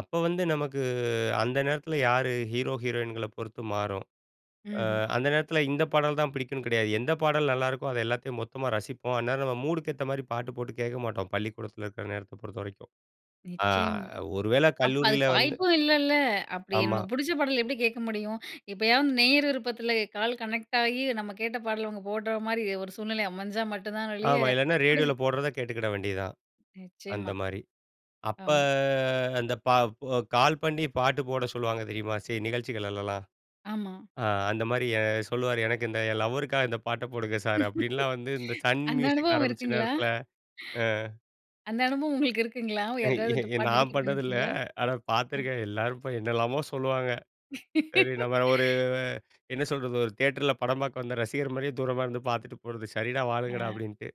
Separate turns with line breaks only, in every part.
அப்ப வந்து நமக்கு அந்த நேரத்துல யாரு ஹீரோ ஹீரோயின்கள பொறுத்து மாறும். அ
ம்ஹ்ம்.
அந்த நேரத்துல இந்த பாடல்தான் பிடிக்கும்னு கிடையாது. எந்த பாடல் நல்லாருக்கோ அத எல்லாத்தையும் மொத்தமா ரசிப்போம். அந்நேரம் நம்ம மூடுக்கு ஏத்த மாரி பாட்டு போட்டு கேட்க மாட்டோம், பள்ளிக்கூடத்தில இருக்கற நேரத்த பொறுத்த வரைக்கும். அ
நிச்சியமா.
ஒருவேள
அப்ப
கல்லூரியில
அதுக்கு
வந்து
வாய்ப்பும் இல்லைல்ல. அப்டி
ஆமா.
நமக்கு புடிச்ச பாடல் எப்டி கேட்க முடியும்? எப்பயாவது நேயர் விருப்பத்தில கால் கனெக்ட் ஆயி நம்ம கேட்ட பாடல் அவங்க போடுற மாரி ஒரு சூழ்நிலை அமைஞ்சா மட்டும் தான் ஒளிய
ஆமா, இல்லேன்னா ரேடியோல
புடிச்ச
போடுறத கேட்டுக்கிட வேண்டியது தான். அந்த
நிச்சியமா
மாதிரி அப்ப
ஆமா.
அந்த ப கால் பண்ணி பாட்டு போட சொல்லுவாங்க தெரியுமா, சி சில நிகழ்ச்சிகள்லாம்
ஆமா.
அ அந்த மாரி சொல்லுவாரு "எனக்கு இந்த லவ்வருக்காக இந்த பாட்ட போடுங்க சார்." அப்டின்னுலான் வந்து இந்த சன்
அந்த
மியூசிக்
அனுபவம்
ஆரம்பிச்ச
இருக்குங்களா?
நேரத்துல. அ.
அந்த அனுபவம் உங்களுக்கு இருக்குங்களா? யாருக்காவது பாட்டு
நான்
டெடிக்கேட்
பண்ணது இல்ல.
பண்ணியிருக்கீங்களா?
ஆனா
அ.
பார்த்துருக்கேன், எல்லாரும் இப்ப என்னெல்லாமோ சொல்லுவாங்க. சரி நம்ம ஒரு என்ன சொல்றது ஒரு தியேட்டர்ல படம் பார்க்க வந்த ரசிகர் மாரியே தூரமா இருந்து பாத்துட்டு போறது. சரிடா
ஆ.
வாழுங்கடா அப்டின்ட்டு.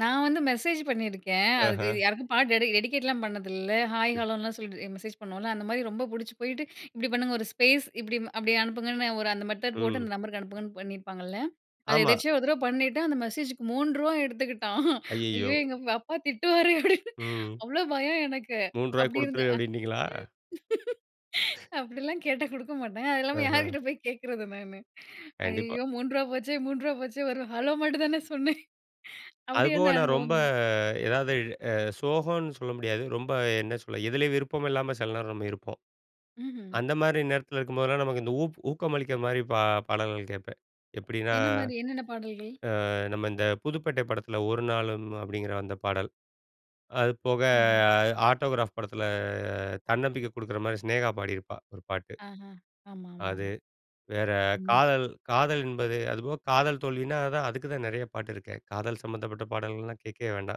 நான் வந்து மெசேஜ் பண்ணியிருக்கேன். அதுக்கு
ஆஹா
யாருக்கும் பாட்டு டெடி டெடிகேட்லாம் பண்ணதில்ல ஹாய்
[unintelligible]
ஹலோன்னுலாம் சொல்லி மெசேஜ் பண்ணுவோம்ல, அந்த மாரி ரொம்ப புடிச்சு போயிட்டு "இப்டி பண்ணுங்க ஒரு ஸ்பேஸ் இப்டி அப்டி அனுப்புங்கன்னு ஒரு அந்த மெத்தட் போட்டு அந்த
ம்.
நம்பருக்கு அனுப்புங்கன்னு." பண்ணியிருப்பாங்கள்ல. அத
ஆமா.
எதிர்ச்சயா ஒரு தடவ பண்ணிட்டு அந்த மெசேஜுக்கு ரூ.3வா எடுத்துக்கிட்டான்
ஐயையோ!
"ஐயோ எங்க அப்பா திட்டுவாரே" அப்டின்னு
ம்.
அவ்ளோ பயம் எனக்கு
3 ருவாய
அப்டி இருந்த.
குடுத்துரு அப்டினீங்களா?
அப்டிலாம் கேட்டா குடுக்க மாட்டாங்க. அது இல்லாம
ஆஹா.
யார்கிட்ட போய் கேட்கிறது நான்.
கண்டிப்பா.
ஐயயோ ரூ.3வா போச்சே! ரூ.3வா போச்சே! 1 ஹலோ மட்டும் தானே சொன்னேன்.
அது
அப்டி
போக
என்ன
நான் ரொம்ப
அனுபவம்.
எதாவது அ சோகம்னு சொல்ல முடியாது. ரொம்ப என்ன சொல்ல எதுலேயும் விருப்பம் இல்லாம சில நேரம் நம்ம இருப்போம்.
ம்ஹ்ம்.
அந்த மாரி நேரத்தில இருக்கும்போதெல்லாம் நமக்கு இந்த ஊ ஊக்கம் அளிக்கிற மாரி பா பாடல்கள் கேட்பேன். எப்டின்னா,
என்ன மாரி என்னென்ன பாடல்கள்?
அ நம்ம இந்த புதுப்பேட்டை படத்துல "ஒரு நாளும்" அப்டிங்கிற அந்த பாடல். அது போக
ஆஹ்.
"ஆட்டோகிராப்" படத்துல தன்னம்பிக்கை குடுக்குற மாரி சினேகா பாடிருப்பா 1 பாட்டு.
ஆஹா. ஆமாமா,
அது.
ஆமா.
வேற
ம்.
காதல் காதல் என்பது அதுபோக காதல் தோல்வினா தான் அதுக்கு தான் நெறைய பாட்டு இருக்கே. காதல் சம்பந்தப்பட்ட பாடல்கள்லாம் கேட்கவே வேண்டாம்.